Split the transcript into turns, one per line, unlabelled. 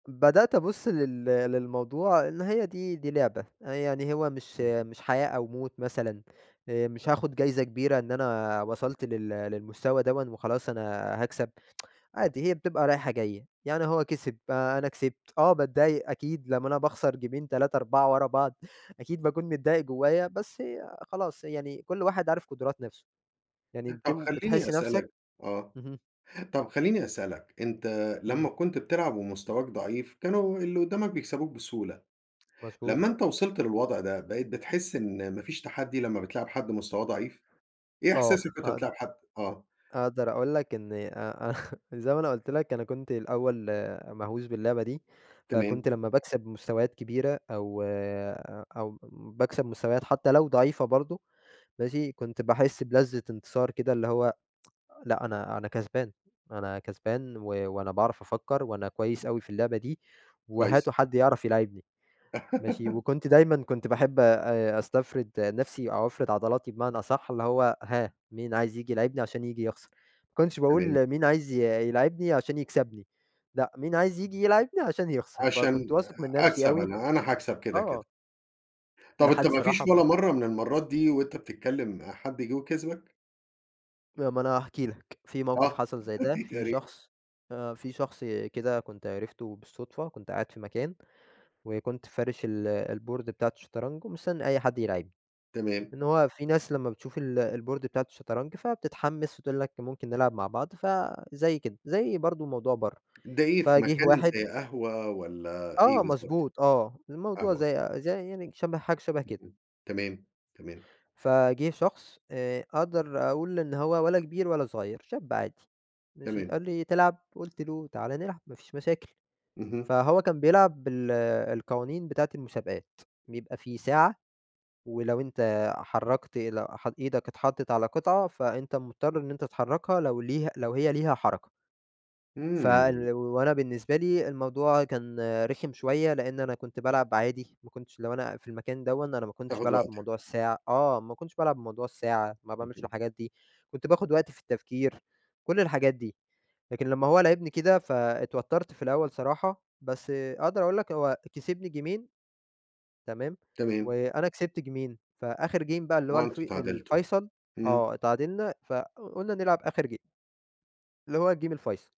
بدأت أبص لل للموضوع إن هي دي دي لعبة، يعني هو مش
إمم.
مش حياة أو موت مثلًا آآ، مش هاخد جايزة كبيرة إن أنا وصلت لل للمستوى دوًا وخلاص أنا هاكسب، عادي هي بتبقى رايحه جايه يعني هو كسب أنا كسبت آه، باتضايق أكيد لما أنا باخسر جيْمين 3 4 ورا بعض أكيد باكون متضايق جوّايا، بس خلاص يعني كل واحد عارف قدرات نًفْسه. يعني بت
طب خلًيني
بتحس نَفْسك
أسألك آه،
إمم.
طيب خلًيني أسألك، أنت
إمم.
لما كنت بتلعب ومستواك ضعيف كانوا اللي قدامك بيكسبوك بسهولة،
مضبوط.
لما أنت وصْلت للوضع ده بقيت بتحس إن ما فيش تحدّي لما بتلاعب حد مستواه ضعيف؟ إيه
آه.
إحساسك وأنت
اقد
بتلاعب حد آه.
أقدر أقول لك إن آآ، زي ما أنا قُلت لك أنا كنت الأول مهْوس باللعبة دي،
تمام.
فكنت لما باكسب مستويات كبيرة أو آآ، أو باكسب مستويات حتى لو ضعيفة برضه ماشي؟ كنت باحس بلذّة انتصار كده اللي هو لأ أنا أنا كسبان، أنا كسبان، و وأنا باعرف أفكر وأنا كويس أوي في اللعبة دي،
كويس.
وهاتوا حد يعرف يلاعبْني ماشي؟ وكنت دايمًا كنت باحب آآ، أسْتفْرد نَفْسي أو أفْرِد عضلاتي بمعنى أصح اللي هو هاه مين عايز ييجي يلاعبْني عشان ييجي يخسر، ما كنتش
تمام.
باقول مين عايز ي يلاعبْني عشان يكْسبْني، لأ مين عايز ييجي يلاعبني عشان يخسر، فكنت
عشان
واثق من نَفْسي
أكسب
أوي
أنا، أنا هاكسب كده كده.
آه.
طب
لحد
أنت ما
الصراحة
فيش
ب
ولا مرة من المرات دي وأنت بتتكلم حد جه وكسبك؟
ما أنا هاحكِي لك، في موقف
آه
حصل زي ده
يا
في
ريْت.
شخص آآ، في شخص كده كنت عرفته بالصدفة كنت قاعد في مكان، وكنت فارِش ال الboard بتاعة الشطرنج ومستنى أي حد يلاعبْني،
تمام.
إن هو في ناس لما بتشوف ال الboard بتاعة الشطرنج فبتتحمِّس وتقول لك ممكن نلعب مع بعض، فزي كده، زي برضه موضوع برا
ده إيه في
فجيه
مكان
واحد
زي قهوة ولّا إيه
آه
بالضبط؟
مضبوط، آه، الموضوع
قهوة.
زي زي يعني شَبه حاجة شَبه كده
إمم، تمام، تمام.
فجه شخص آآ، أقدر أقول إن هو ولا كبير ولا صغير شاب عادي ماشي؟
تمام.
قال لي: "تلعب؟" قُلت له: "تعالَ نلعب ما فيش مشاكل"
اهم.
فهو كان بيلعب بال القوانين بتاعة المسابقات، بيبقى فيه ساعة ولو أنت حرّكت ل ح إيدك اتحطّت على قطعة فأنت مُضْطر إن أنت تحركها لو ليها لو هي ليها حركة ف
إمم.
وأنا بالنسبة لي الموضوع كان رِخِم شوية لأن أنا كنت بالعب عادي، ما كنتش لو أنا في المكان دوًا أنا ما كنتش
تاخد
بالعب
وقتك.
بموضوع الساعة آه، ما كنتش بالعب بموضوع الساعة ما باعملش
اهم.
الحاجات دي، كنت باخد وقتي في التفكير كل الحاجات دي لكن لما هو لاعبني كده فاتْوتَّرت في الأول صراحة، بس أقدر أقول لك هو كسبني جيْمين تمام،
تمام.
وأنا كسبت جيْمين فآخر game بقى اللي هو
آه
الف
أنتم اتْعادِلْتوا،
الفيْصَل
إمم.
آه، اِتعادِلْنا فقُلنا نلعب آخر game اللي هو الgame الفيْصَل.